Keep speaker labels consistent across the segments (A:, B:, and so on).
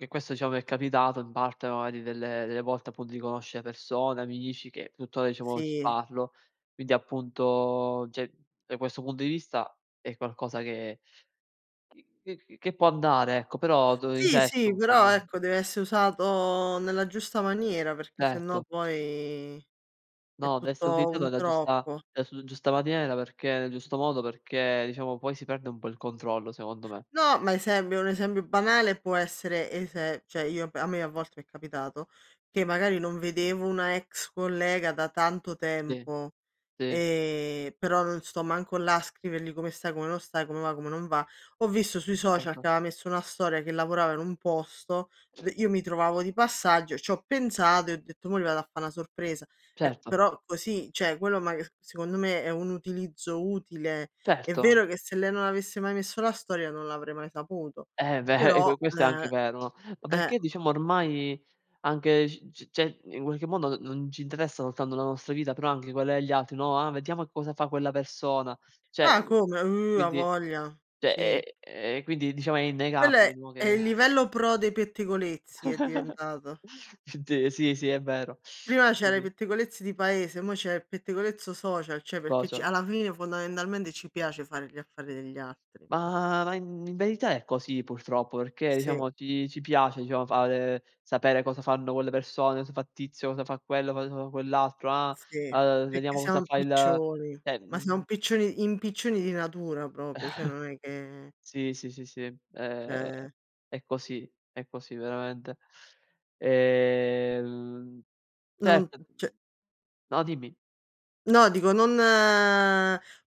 A: Che questo, diciamo, mi è capitato in parte magari delle delle volte appunto di conoscere persone, amici che tuttora diciamo ci
B: Sì.
A: parlo. Quindi appunto, cioè da questo punto di vista è qualcosa che c c c che può andare ecco, però dov il
B: Sì,
A: resto
B: sì,
A: un po'
B: però
A: non
B: ecco deve esse' usato nella giusta maniera, perché sennò
A: Certo.
B: poi è
A: No, de esser
B: tutto
A: utilizzato
B: un
A: nella giusta
B: troppo.
A: [unintelligible] giusta maniera perché nel giusto modo, perché, diciamo, poi si perde un po' il controllo, secondo me.
B: No, ma esempio un esempio banale può essere ese cioè, io a me a volte m'è capitato che magari non vedevo una ex collega da tanto
A: Sì.
B: tempo,
A: Sì.
B: ehm, però non sto manco là a scrivergli come stai, come non stai, come va, come non va. Ho visto sui social che
A: Certo.
B: aveva messo una storia che lavorava in un posto, v io mi trovavo di passaggio, ci ho pensato e ho detto mò gli vado a fa' una sorpresa. Ecco,
A: Certo.
B: però così cioè quello ma c secondo me è un utilizzo utile. È
A: Certo.
B: vero che se lei non avesse mai messo la storia non l'avrei mai saputo,
A: Eh beh, eh,
B: però,
A: c questo è anche
B: ehm,
A: vero, no? Ma
B: eh
A: perché diciamo ormai anche, c c cioè in qualche modo non ci interessa soltanto la nostra vita, però anche quella degli altri, no: "Ah, vediamo cosa fa quella persona". Cioè
B: Ah,
A: uhm,
B: come? Oh, a
A: quindi
B: voglia,
A: cioè
B: sì.
A: è e quindi diciamo è
B: Quello è
A: innegabile, no?
B: è
A: Che
B: il livello pro dei pettegolezzi è diventato.
A: De sì, sì è vero.
B: Prima
A: Sì,
B: c'era i
A: sì.
B: pettegolezzi di paese, mo' c'è il pettegolezzo social, cioè perché ce
A: Cosa?
B: alla fine fondamentalmente ci piace fare gli affari degli altri.
A: Ma i in verità è così purtroppo, perché,
B: Sì.
A: diciamo, ci ci piace, diciamo, fare, sapere cosa fanno quelle persone, cosa fa tizio, cosa fa quello, cosa fa quell'altro, ah,
B: Sì,
A: uhm,
B: perché
A: vediamo
B: siamo
A: cosa fa il
B: impiccioni,
A: cioè
B: ma siamo
A: mhmm
B: impiccioni impiccioni di natura proprio, cioè non è che
A: Sì, sì, sì, sì, è
B: Cioè
A: è così, è così veramente, ehm,
B: Non
A: certo
B: cioè
A: No, dimmi.
B: No, dico non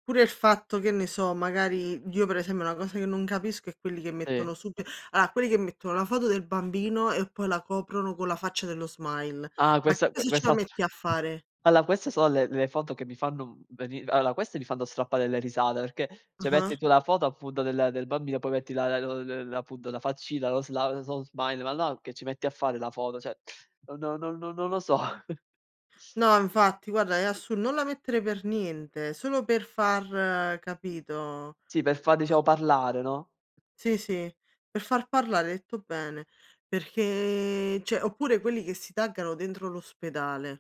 B: pure il fatto che ne so, magari, io per esempio una cosa che non capisco è quelli che
A: Sì.
B: mettono sub allora quelli che mettono la foto del bambino e poi la coprono con la faccia dello smile.
A: Ah,
B: Ma che
A: questa
B: cosa ce la
A: quest'altra
B: metti a fare?
A: allora queste sono le le foto che mi fanno, uhm, veni allora, queste mi fanno strappare delle risate, perché se metti
B: Ah-ah.
A: tu la foto appunto del del bambino poi metti la la la la appunto la faccina, lo sla ls lo smile, ma no, che ci metti a fare la foto? Cioè, non non non non lo so.
B: No, infatti guarda, è assur non la mettere per niente, solo per far capito?
A: Sì, per far, diciamo,
B: Ah
A: parlare, no?
B: Sì, sì, per far parlare, hai detto bene, perché, cioè oppure quelli che si taggano dentro l'ospedale.